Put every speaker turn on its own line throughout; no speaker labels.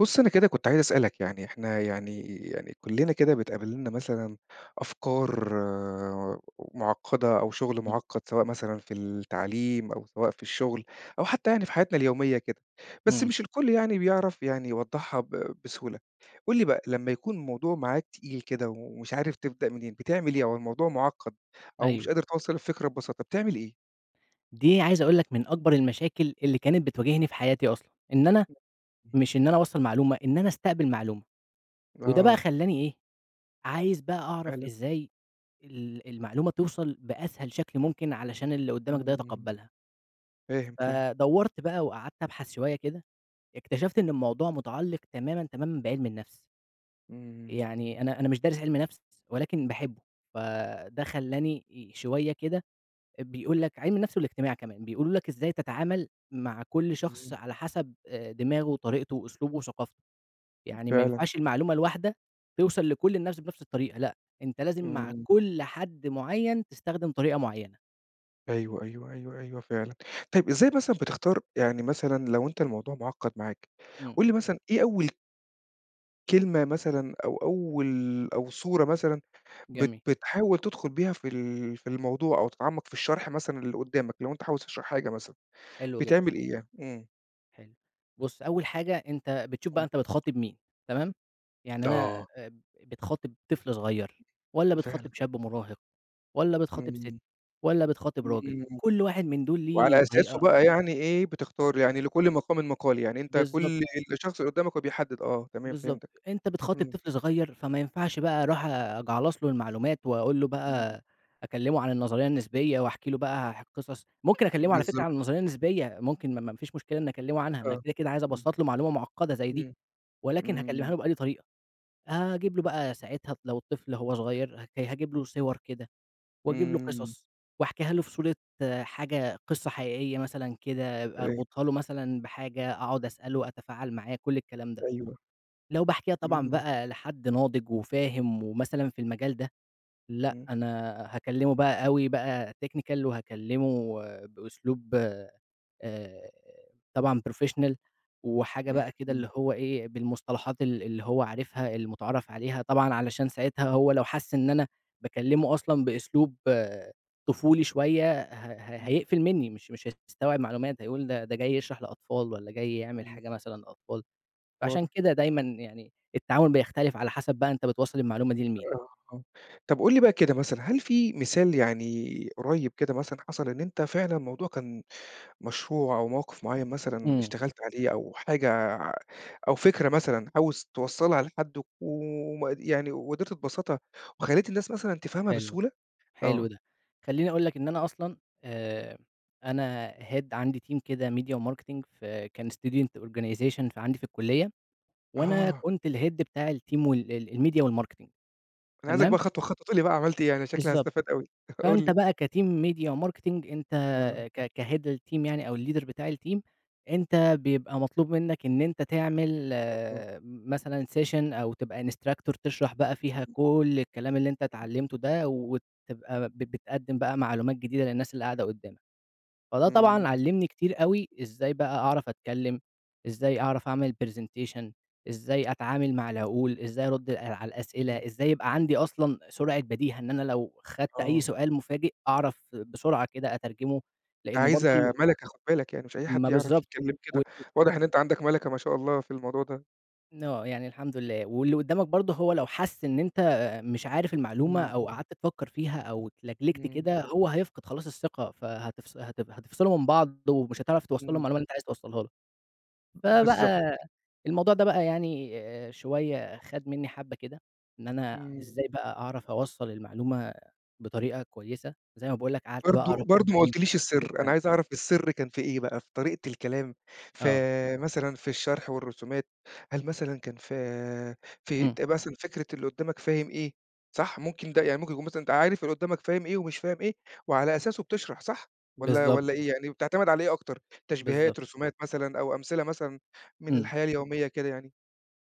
بُص، أنا كده كنت عايز أسألَك، يعني إحنا يعني يعني كلّنا كده بتقابلنا مثلًا أفكار معقدة أو شُغل
امم.
معقد سواء مثلًا في التعليم، أو سواء في الشغل، أو حتى يعني في حياتنا اليومية كده، بس
امم.
مش الكل يعني بيعرَف يعني يوضحها ب بسهولة. قُل لي بقى لمّا يكون الموضوع معاك تقيل كده ومش عارف تبدأ منين بتعمل إيه؟ أو الموضوع معقد أو مش
أيوه.
قادر توصّل الفكرة ببساطة بتعمل إيه؟
دي عايز أقول لَك من أكبر المشاكل اللي كانت بتواجهني في حياتي أصلًا. إن أنا
[unintelligible]
مش إن أنا أوصّل معلومة، إن أنا استقبل معلومة. وده بقى
آه.
خلّاني إيه، عايز بقى أعرَف
فعلًا.
إزاي ال المعلومة توصَل بأسهل شكل ممكن، علشان اللي قدامك ده
امم،
يتقبلها.
فاهم فاهم.
فدورْت بقى وقعدْت أبحث شوية كده، اكتشفْت إن الموضوع متعلق تمامًا تمامًا بعلم النفْس. يعني
امم.
أنا أنا مش دارس علْم نفْس ولكن باحبه، فده خلّاني ي شوية كده، بيقول لَك علْم النفْس والاجتماع كمان، بيقولوا لَك إزاي تتعامل مع كُل
امم.
شخص على حسب آآ، دماغه وطريقته وأسلوبه وثقافته. يعني ما
فعلًا.
ينفعش المعلومة الواحدة توصَل لكل الناس بنفْس الطريقة لأ، أنتَ لازم مع
امم.
كل حد معين تستخدم طريقة معينة.
أيوه، أيوه، أيوه، أيوه فعلًا، طيب إزاي مثلًا بتختار يعني مثلًا لو أنت الموضوع معقد معاك،
إمم.
قل لي مثلًا إيه أول كلمة مثلًا أو أول أو صورة مثلًا، بت
جميل.
بتحاول تدخل بها في ال في الموضوع أو تتعمق في الشرح مثلًا للي قدامك، لو أنت عاوز تشرح حاجة مثلًا،
حلو جدًا.
بتعمل إيه يعني؟ إمم.
حلو، بُصّ أول حاجة أنت بتشوف
امم.
بقى أنت بتخاطب مين، تمام؟ يعني أنا
آه.
اب بتخاطب طفل صغيّر، والّا
فعلًا.
بتخاطب شاب مراهق، والّا بتخاطب ست،
امم.
والّا بتخاطب راجل،
إمم،
كُلّ واحد من دول ليه
وعلى أساسه
طريقة
بقى يعني إيه بتختار، يعني لكل مقامِِ مَقال، يعني أنت
بالضبط
كل
كده.
الشخص اللي قدامك هو بيحدد آه تمام.
بالضبط،
فهمتك،
أنت بتخاطب
امم.
طفل صغيّر، فما ينفعش بقى أروح أجعلص له المعلومات، وأقول له
إمم.
بقى أكلمه عن النظرية النسبية واحكي له بقى ح قصص، ممكن أكلمه على فكرة
بالضبط.
عن النظرية النسبية، ممكن ما ما ما فيش مشكلة إن أكلمه عنها، أنا
آه،
كده كده عايز
إمم.
أبسّط له معلومة معقدة زي دي،
إمم،
ولكن هاكلمها
امم.
له بأنهي طريقة؟ أجيب له بقى ساعتها لو الطفل لو هو صغير ه هاجيب له صور كده، واجيب له
إمم.
قصص وأحكيها له في صورة حاجة قصة حقيقية مثلًا كده
[unintelligible]
أربطها له مثلًا بحاجة، أقعد أسأله وأتفاعل معاه، كُلّ الكلام ده،
أيوه.
لو باحكيها طبعًا
إمم.
بقى لحد ناضج وفاهم ومثلًا في المجال ده، لأ
امم.
أنا هاكلمه بقى أوي بقى technical وهاكلمه بأسلوب، آآ، طبعًا professional وحاجة
امم،
بقى كده
إمم.
اللي هو إيه، بالمصطلحات ال اللي هو عارفها، المتعارف عليها طبعًا علشان ساعتها هو لو حس إن أنا باكلمه أصلًا بأسلوب
[unintelligible]
طفولي شوية ه ه
إمم.
هيقفل مني، مش مش هيستوعب معلومات هيقول ده ده جاي يشرح لأطفال، والّا جاي يعمل
امم.
حاجة مثلًا للأطفال، فعشان
واضح.
كده دايمًا يعني التعامل بيختلف على حسب بقى أنت بتوصّل المعلومة دي لمين؟
آه، آه، طب قُل لي بقى كده مثلًا هل في مثال يعني قريّب كده مثلًا حصل إن أنت فعلًا موضوع كان مشروع أو موقف معين مثلًا
إمم.
اشتغلت عليه، أو حاجة أو فكرة مثلًا عاوز توصّلها لحد وم يعني وقدرت تبسّطها وخلّيت الناس مثلًا تفهمها
حلو،
بسهولة؟
حلو
آه.
ده، خليني أقول لك إن أنا أصلًا، آآ، أنا head عندي team كده ميديا وmarketing في كان student organization ف عندي في الكلية، وأنا
آه.
كنت الhead بتاع الteam وال ال الميديا والmarketing
أنا عايزك بقى
تمام؟
خطوة خطوة تقول لي بقى عملت إيه؟ أنا شكلي
بالضبط،
هاستفاد أوي. قل
فأنت
لي.
بقى كteam ميديا، وmarketing أنت
آه.
ك كhead الteam يعني أو الleader بتاع الteam، أنت بيبقى مطلوب منك إن أنت تعمل
اها.
مثلًا session أو تبقى instructor تشرح بقى فيها كُلّ الكلام اللي أنت اتعلمته ده، وتبقى ب بتقدم بقى معلومات جديدة للناس اللي قاعدة قدامك، فده
إمم،
طبعًا
إمم.
علّمني كتير أوي إزاي بقى أعرف أتكلم، إزاي أعرف أعمل presentation، إزاي أتعامل مع العقول، إزاي أرد ال على
إمم.
الأسئلة، إزاي يبقى عندي أصلًا سرعة بَدِيهة، إن أنا لو خدت أي
آه.
سؤال مفاجئ أعرف بسرعة كده أترجمه،
دا
لأن برضو ال
عايزة مَلَكة خد بالك يعني، مش أي حد
ما
يعرف
بالضبط
يتكلم كده،
و [unintelligible]
واضح إن أنت عندك مَلَكة ما شاء الله في الموضوع ده.
آه يعني الحمد لله. واللي قُدّامك برضه هو لو حَس إن أنت مش عارف المعلومة
امم.
أو قعَدت تفكّر فيها أو اتلجلِجْت
امم.
كده هو هيفقِد خلاص الثقة، فهتفص هت هتِفصِلوا من بعض، ومش هتعرَف توصَّل له
امم.
المعلومة اللي أنت عايز توصَّلها له.
ب بالضبط
فبقى، الموضوع ده بقى يعني آآ، شوية خَد منِّي حَبّة كده، إن أنا
امم.
إزاي بقى أعرَف أوصَّل المعلومة بطريقة كويسة، زي ما باقول لك قعَدت بقى أقرا
برضه برضه
في
ما
عِلم
قُلتليش
النفس وكلّ
السِّر، أنا
الكلام ده.
عايز أعرَف السِّر كان في إيه بقى، في طريقة الكلام ف
آه.
مثلًا في الشرح والرسومات، هل مثلًا كان في في
امم.
أنت مثلًا فكرة اللي قُدّامك فاهم إيه، صح؟ ممكن ده، يعني ممكن يكون مثلًا أنت عارِف اللي قُدّامك فاهم إيه ومش فاهم إيه وعلى أساسُه بتشرَح صح؟ والّا
بالضبط
والّا
كده.
إيه، يعني بتعتمِد على إيه أكتر،
بالضبط.
تشبيهات، رسومات مثلًا أو أمثلة مثلًا من
امم.
الحياة اليومية، كده يعني؟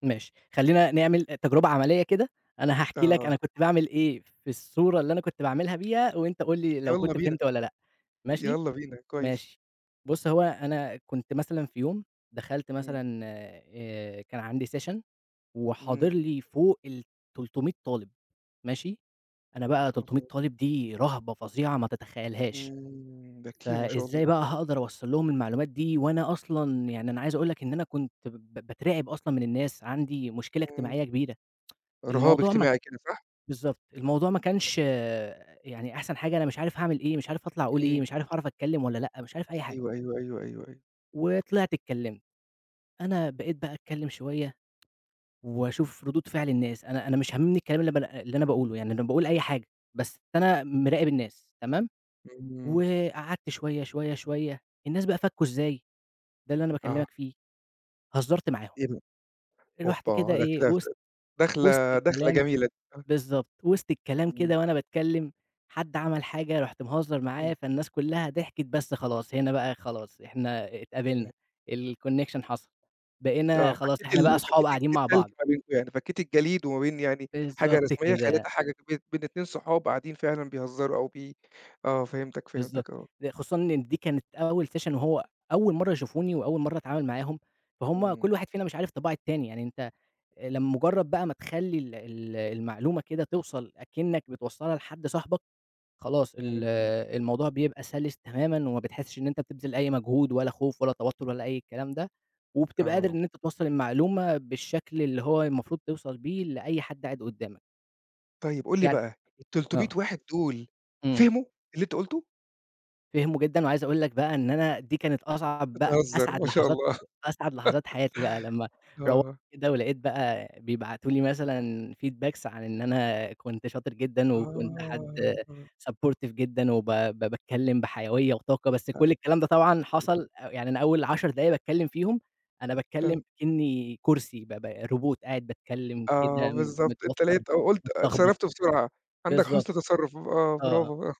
ماشي، خلّينا نعمل تجربة عملية كده، أنا هاحكي لك
آه.
أنا كنت باعمل إيه في الصورة اللي أنا كنت باعملْها بيها وأنت قُل لي لو
يالّا
كنت
بينا،
فهِمت والّا لأ، ماشي؟
يالّا بينا. كويس.
ماشي. بُص هو أنا كنت مثلًا في يوم دخَلت
امم.
مثلًا آآ كان عندي سيشن وحاضر
امم.
لي فوق ال300 طالِب، ماشي؟ أنا
ما
بقى
شاء
300
الله!
طالِب دي رهبة فظيعة ما تتخيّلهاش.
امم، ده كتير ما شاء الله!
فإزاي بقى هاقدَر أوصَّل لهم المعلومات دي وأنا أصلًا، يعني أنا عايز أقول لك إن أنا كنت ب ب باترعِب أصلًا من الناس، عندي مشكلة
امم.
إجتماعية كبيرة.
رهاب
الموضوع ما
اجتماعي كده، صح؟
بالضبط الموضوع ما
[unintelligible]
كانش آآ، يعني أحسَن حاجة، أنا مش عارِف هاعمل إيه، مش عارف هاطلَع أقول إيه،
امم.
مش عارف هاعرف أتكلِّم والّا لأ، مش عارف أي حاجة.
أيوه، أيوه، أيوه، أيوه، أيوه.
وطلِعت اتكلّمت. أنا بقيت بقى أتكلّم شوية وأشوف ردود فِعل الناس، أنا أنا مش هامِمني الكلام اللي ب اللي أنا باقوله، يعني أنا باقول أي حاجة، بس أنا م مِراقب الناس، تمام؟
إمم.
وقعَدت شوية، شوية، شوية، الناس بقى فَكُّوا إزاي، ده اللي أنا
آه.
باكلّمك فيه، هزّرت معاهم.
إيه ده!
رُحت كده
أوبّا! ده
إيه
كده ف
وِسط وِسط
داخلة داخلة
الكلام
جميلة دي، صح؟
بالضبط وِسط الكلام
[unintelligible]
كده وأنا باتكلّم حد عمل حاجة رُحت مهزّر
إمم.
معاه فالناس كلّها ضحكِت، بس خلاص هنا بقى خلاص، إحنا
إمم.
اتقابلنا الconnection حصَل، بقينا
آه
خلاص
فكّيت
إحنا بقى
ال
أصحاب
فكّيت
قاعدين
الت
مع
التلج
بعض.
ما بينكم يعني، فكّيت الجليد وما بين يعني حاجة
بالضبط
رسميّة، خلّيتها
كده.
حاجة بين بين 2 صُحاب قاعدين فعلًا بيهزّروا أو بي آه فهِمتك،
بالضبط
فهِمتك، آه.
د خصوصًا إن دي كانت أول سيشن وهو أول مرَّة يشوفوني، وأول مرَّة أتعامل معاهم، فهُم كلّ
إمم.
واحد فينا مش عارف طباع التاني، يعني أنت لمجرّد بقى ما تخلّي ال ال المعلومة كده توصَل أكنَّك بتوصّلها لحد صاحبك، خلاص ال
اهم.
الموضوع بيبقى سَلِس تمامًا وما بتحسّش إن أنت بتبذِل أي مجهود ولا خوف ولا توتُّر ولا أي الكلام ده، وبتبقى قادر
آه.
إن أنت توصّل المعلومة بالشكل اللي هو المفروض توصَل بيه لأي حد قاعد قُدّامك.
طيب قل لي
يعني
بقى، 300
آه.
واحد دول
امم.
فهموا اللي أنتَ قلته؟
فهموا جدًا، وعايز أقول لك بقى إن أنا دي كانت أصعب بقى
بتهزر!
أسعد
ما شاء
لحظات
الله.
أسعد لحظات حياتي بقى لمّا روّحت
آه.
كده ولقيت بقى بيبعتوا لي مثلًا feedbacks عن إن أنا كنت شاطر جدًا، وكنت حد
آه، آه.
supportive جدًا، وب ب باتكلّم بحيوية وطاقة. بس
أ.
كل الكلام ده طبعًا
[unintelligible]
حصل أ يعني أنا أوّل 10 دقايق باتكلّم فيهم أنا
آآ
باتكلّم كأني كرسي ب ب روبوت قاعد باتكلّم كده
آه بالضبط. أنت
متوتر،
لقيت أو قلت
متلخبط.
اتصرفت بسرعة. عندك
بالضبط.
حُسن تصرف آه.
آه، آه.
براڨو.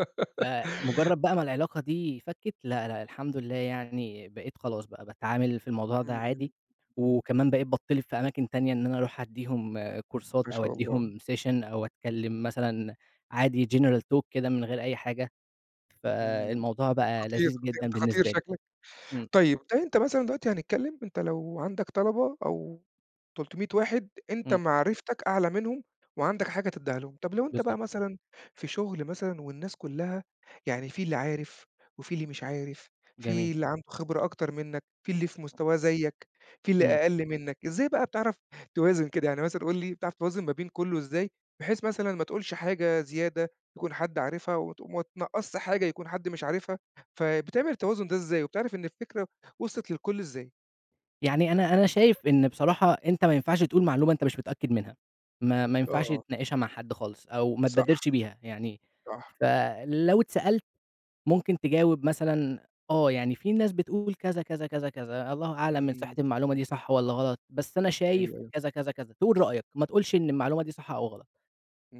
فمجرد بقى ما العلاقة دي فكت. لا، لا الحمد لله يعني بقيت خلاص بقى باتعامل في الموضوع ده
امم. امم.
عادي،
امم.
وكمان بقيت بتطلب في أماكن تانية إن أنا أروح أديهم كورسات،
ما
أو
شاء الله.
أديهم session، أو أتكلّم مثلًا عادي general talk كده من غير أي حاجة.
امم.
فالموضوع بقى
خطير
لذيذ
خطير،
جدًا
أنت خطير
بالنسبة لي.
شكلّك.
امم.
طيّب، أنت مثلًا دلوقتي هنتكلّم أنت لو عندك طلبة، أو 300 واحد أنت
امم.
معرفتك أعلى منهم، وعندك حاجة تديها لهم. طب لو أنت بقى
بالضبط.
مثلًا في شغل مثلًا، والناس كلّها يعني في اللي عارف، وفي اللي مش عارف،
جميل.
في اللي عنده خبرة أكتر منّك، في اللي في مستواه زيك، في اللي
امم.
أقل منّك. إزاي بقى بتعرف توازن كده؟ يعني مثلًا قل لي بتعرف توازن ما بين كلّه إزاي، بحيث مثلًا ما تقولش حاجة زيادة يكون حد عارفها وت ما تنقصش حاجة يكون حد مش عارفها؟ فبتعمل التوازن ده إزاي؟ وبتعرف إن الفكرة وصلت للكل إزاي؟
يعني أنا أنا شايف إنه بصراحة أنت ما ينفعش تقول معلومة أنت مش متأكد منها. ما ما ينفعش
آه.
تناقشها مع حد خالص أو ما
صح،
تبادرش بيها يعني
صح.
فلو اتسألت، ممكن تجاوب مثلًا آه يعني في ناس بتقول كذا، كذا، كذا، كذا، الله أعلم من صحة
امم.
المعلومة دي صح والّا غلط، بس أنا شايف
أيوه
كذا، كذا، كذا، تقول رأيك ما تقولش إن المعلومة دي صح أو غلط.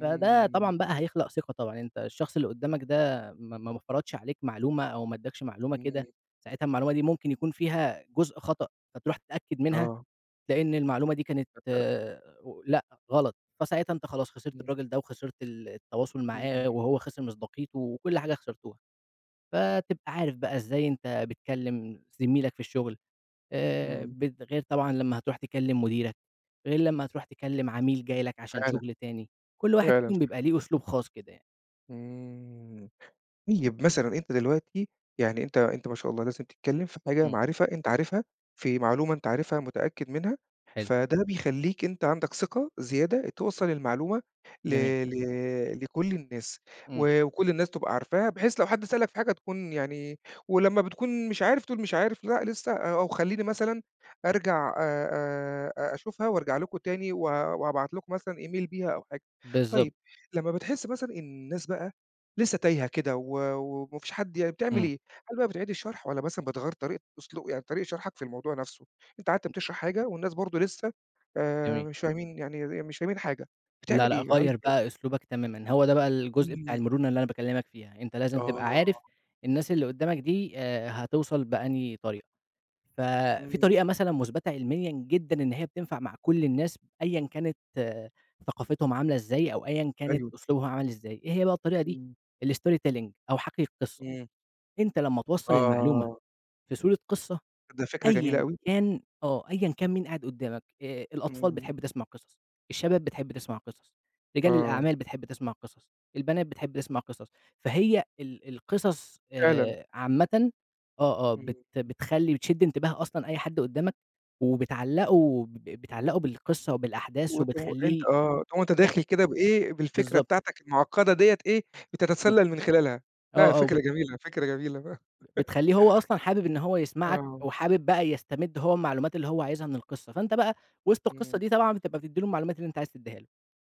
فده طبعًا بقى هيخلق ثقة طبعًا، أنت الشخص اللي قدامك ده، ما ما ما فرضش عليك معلومة أو ما اداكش معلومة كده،
امم.
ساعتها المعلومة دي ممكن يكون فيها جزء خطأ، فتروح تتأكد منها،
آه.
تلاقي إن المعلومة دي كانت
ت ت
لأ غلط، فساعتها أنت خلاص خسرت
امم.
الراجل ده وخسرت ال التواصل
امم
معاه
[unintelligible]
وهو خسر مصداقيته وكل حاجة خسرتوها. فتبقى عارف بقى إزاي أنت بتكلم زميلك في الشغل، آآ،
امم.
ب غير طبعًا لمّا هتروح تكلم مديرك، غير لما هتروح تكلم عميل جاي لك عشان
فعلًا،
شغل تاني. كل واحد
فعلًا
فيهم
اشتغل
بيبقى ليه أسلوب خاص كده يعني.
امم طيب مثلًا أنت دلوقتي، يعني أنت أنت ما شاء الله لازم تتكلم في حاجة
امم.
معرفة أنت عارفها، في معلومة أنت عارفها متأكد منها،
حلو.
فده بيخليك أنت عندك ثقة زيادة توصّل المعلومة ل
جميل.
ل لكل الناس
امم.
و وكل الناس تبقى عارفاها، بحيث لو حد سألك في حاجة تكون يعني ولما بتكون مش عارف بتقول مش عارف لأ لسه أو خليني مثلًا أرجع آآ، آآ أشوفها وأرجع لكم تاني و وأبعت لكم مثلًا Email بيها أو حاجة.
بالضبط.
طيب لما بتحس مثلًا إن الناس بقى لسه تايهة كده و وما فيش حد يعني بتعمل
امم.
إيه؟ هل بقى بتعيد الشرح والّا مثلًا بتغيَّر طريقة أسلوب يعني طريقة شرحك في الموضوع نفسه؟ أنت قعدت بتشرح حاجة والناس برضه لسه، آآ،
جميل.
مش فاهمين يعني ي ي مش فاهمين، حاجة
لا،
بتعمل
لأ
إيه يعالج
غيِّر
ده؟
بقى أسلوبك تمامًا. هو ده بقى الجزء بتاع
امم.
المرونة اللي أنا باكلمك فيها، أنت لازم تبقى
آه.
عارف الناس اللي قدامك دي، آآ، هتوصل بأنهي طريقة ف في
امم.
طريقة مثلًا مثبتة علميًا جدًا إن هي بتنفع مع كل الناس، أيًا كانت ثقافتهم عاملة إزاي أو أيًا كانت
أيوه.
أسلوبهم عامل إزاي، إيه هي بقى الطريقة دي؟
إمم.
الStory Telling أو حَكّي القصة،
امم.
أنت لما توصّل المعلومة
آه
في صورة قصة،
ده الفكرة جميلة
أيًا
أوي.
كان آه أيًا كان مين قاعِد قدامك، آآ، الأطفال
امم.
بتحب تسمع قصص، الشباب بتحب تسمع قصص، رجال
آه.
الأعمال بتحب تسمع قصص، البنات بتحب تسمع قصص. فهي ال القصص،
فعلًا.
آآ، عامةً آه، آه،
امم.
بت
امم.
بتخلي بتشد انتباه أصلًا أي حد قدامك، وبتعلّقه ب بتعلّقه بالقصة وبالأحداث
وت وأنت
وبتخلّيه
آه، وأنت
ياخد
داخل كده بإيه، بالفكرة
بالضبط.
بتاعتك المعقدة ديّة إيه
امم.
بتتسلل من خلالها.
آه،
لا
آه
فكرة
وبت
جميلة، فكرة جميلة
بتخليه هو أصلًا حابب إن هو يسمعك
آه.
وحابب بقى يستمد هو المعلومات اللي هو عايزها من القصة. فأنت بقى وسط القصة
امم.
دي طبعًا بتبقى بتدي له المعلومات اللي أنت عايز تديها له.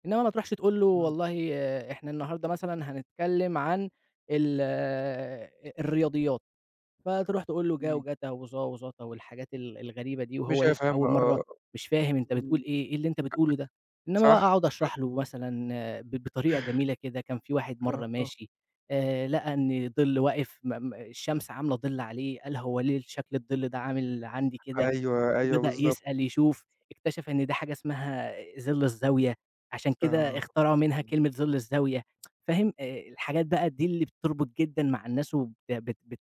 إنما ما تروحش تقول له
امم.
والله إحنا النهارده مثلًا هنتكلم عن ال الرياضيات، فتروح تقول له جا
امم.
وجتا وظا وظتا والحاجات ال الغريبة دي وهو
مش
لسه
هيفهمها
أول مرة،
آه،
مش فاهم أنت
إمم أ
بتقول
أ
إيه، إيه اللي أنت بتقوله ده، إنما بقى
صح
أقعد
[unintelligible]
أشرح له مثلًا ب بطريقة جميلة كده كان في واحد
ليها
مرة
آه.
ماشي، آآ، لقى إن ظِل واقف م م الشمس عاملة ظِل عليه، قال هو ليه شكل الظِل ده عامل عندي كده؟
أيوه، أيوه،
وبدأ
بالضبط.
يسأل، يشوف، اكتشف إن ده حاجة اسمها ظِل الزاوية، عشان كده
آه،
اختراعوا منها
امم.
كلمة ظِل الزاوية فاهم، آآ، الحاجات بقى دي اللي بتربط جدًا مع الناس وبت بت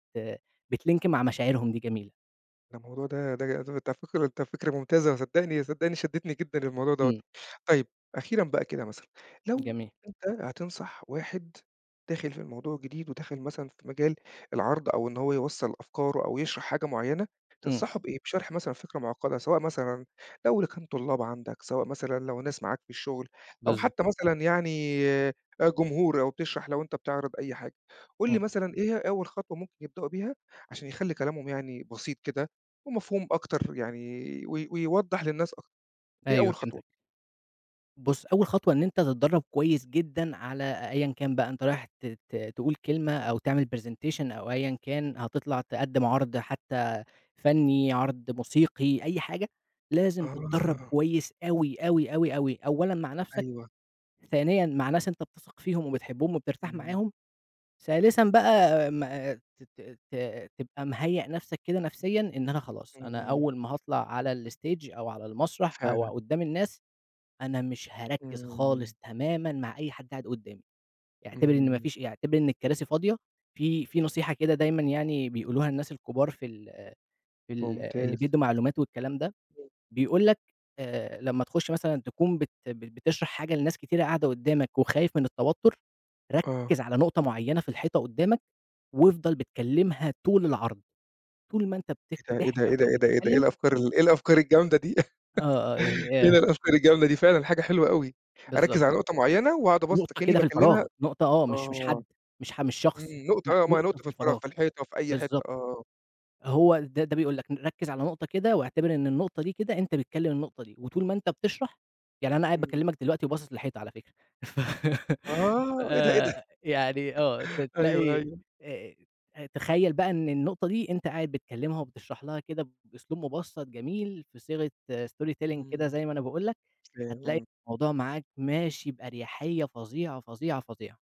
بتlink مع مشاعرهم دي جميلة.
ده الموضوع ده ده ده فكرة ده فكرة ممتازة صدّقني صدّقني شدّتني جدًا للموضوع دَوّة.
إمم.
طيب أخيرًا بقى كده، مثلًا لو
جميل.
أنت هتنصح واحد داخِل في الموضوع جديد وداخل مثلًا في مجال العرْض أو إن هو يوصّل أفكاره أو يِشرَح حاجة معيّنة،
إمم.
تنصحه بإيه؟ بِشرح مثلًا فكرة معقّدة سواء مثلًا لو لكان لطُلّاب عندك، سواء مثلًا لو ناس معاك في الشغل أو
بالضبط.
حتى مثلًا يعني آآ، جمهور أو بتشرَح لو أنت بتعرِض أي حاجة، قل لي
إمم.
مثلًا إيه هي أول خطوة ممكن يبدئوا بيها عشان يخلّي كلامهم يعني بسيط كده ومفهوم أكتر يعني و و ويوضّح للناس أك إيه
أيوه
أول خطوة؟
فهمتك. بُص، أول خطوة إن أنت تتدرّب كويس جدًا على أيًا كان بقى أنت رايح ت ت تقول كلمة أو تِعمل برزنتيشن أو أيًا كان، هتطلَع تقدِّم عرْض حتى فنّي، عرْض موسيقي، أي حاجة. لازم تتدرّب
آه.
كويس أوي، أوي، أوي، أوي، أولًا مع نفْسك،
أيوه.
ثانيًا مع ناس أنت بتثق فيهم وبتحبهم وبترتاح
إمم.
معاهم، ثالثًا بقى ما ت ت ت تبقى مِهيّأ نفْسك كده نفسيًا إن أنا خلاص، أنا
إمم.
أول ما هاطلع على الstage أو على المسرح أو
فعلًا.
قُدّام الناس، أنا مش هاركِّز خالص
إمم.
تمامًا مع أي حد قاعد قُدّامي، اعتبِر إن ما
إمم.
فيش ي اعتبِر إن الكراسي فاضية. في في نصيحة كده دايمًا يعني بيقولوها الناس الكبار في ال في ال اللي
ممتاز.
بيدّوا معلومات والكلام ده،
[unintelligible]
بيقول لك آآ، لمّا تخُش مثلًا تكون بت بت بتشرَح حاجة لناس كتيرة قاعدة قُدّامك وخايف من التوتُّر،
آه.
ركِّز على نُقطة معيّنة في الحيطة قُدّامك، وافضَل بتكلِّمها طول العرض، طول ما أنت بت
إيه ده! إيه ده!
بتحكي
إيه ده!
أو
إيه ده! إيه ده! إيه
بتتكلّم.
الأفكار ال إيه الأفكار الجامدة دي
آه، آه، يعني
إيه ده
آآ.
الأفكار الجامدة دي فعلًا حاجة حلوة أوي!
بالضبط.
أركّز على نُقطة معيّنة وأقعُد أبسّط
نُقطة
أكنّي
كده في
باكلِّمها
الفراغ، نُقطة، آه، مش مش
آه.
حد مش ح مش
إمم.
شخص، لأ
نُقطة آه ما هي
نُقطة
نُقطة
في
في الفراغ،
الفراغ،
في الحيطة، في أي حِتّة،
بالضبط.
آه.
هو ده ده بيقول لك ركِّز على نُقطة كده واعتبِر إن النُّقطة دي كده أنت بتكلِّم النقطة دي وطُول ما أنت بتشرَح يعني أنا قاعد
إمم.
باكلّمك دلوقتي وباصص للحيطة على فكرة. ف
آه! إيه ده! إيه ده!
يعني آه، ت
أيوه،
تلاقي
أيوه.
آآ، تخيّل بقى إن النُّقطة دي أنت قاعد بتكلِّمها وبتشرَح لها كده بأسلوب مُبسّط، جميل في صيغة story telling كده
إمم.
زي ما أنا باقول لك،
فاهم،
هتلاقي
آه.
الموضوع معاك ماشي بأريحيّة فظيعة، فظيعة، فظيعة.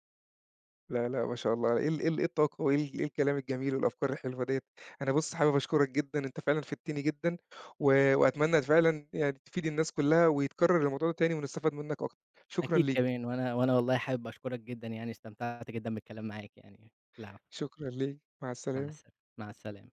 لا، لأ ما شاء الله، إيه ال إيه ال إيه الطاقة وإيه ال الكلام الجميل والأفكار الحلوة دِيّة، أنا بُص، حابب أشكرك جدًا، أنت فعلًا فِدتني جدًا و وأتمنى فعلًا يعني تفيد الناس كلّها ويتكرّر الموضوع ده تاني، ونستفاد منك أكتر. شكرًا
أكيد
ليك.
كمان، وأنا وأنا والله حابب أشكرك جدًا يعني، استمتعت جدًا بالكلام معاك يعني، العفو.
شكرا ليك، مع
مع
السلامة.
السلا مع السلامة.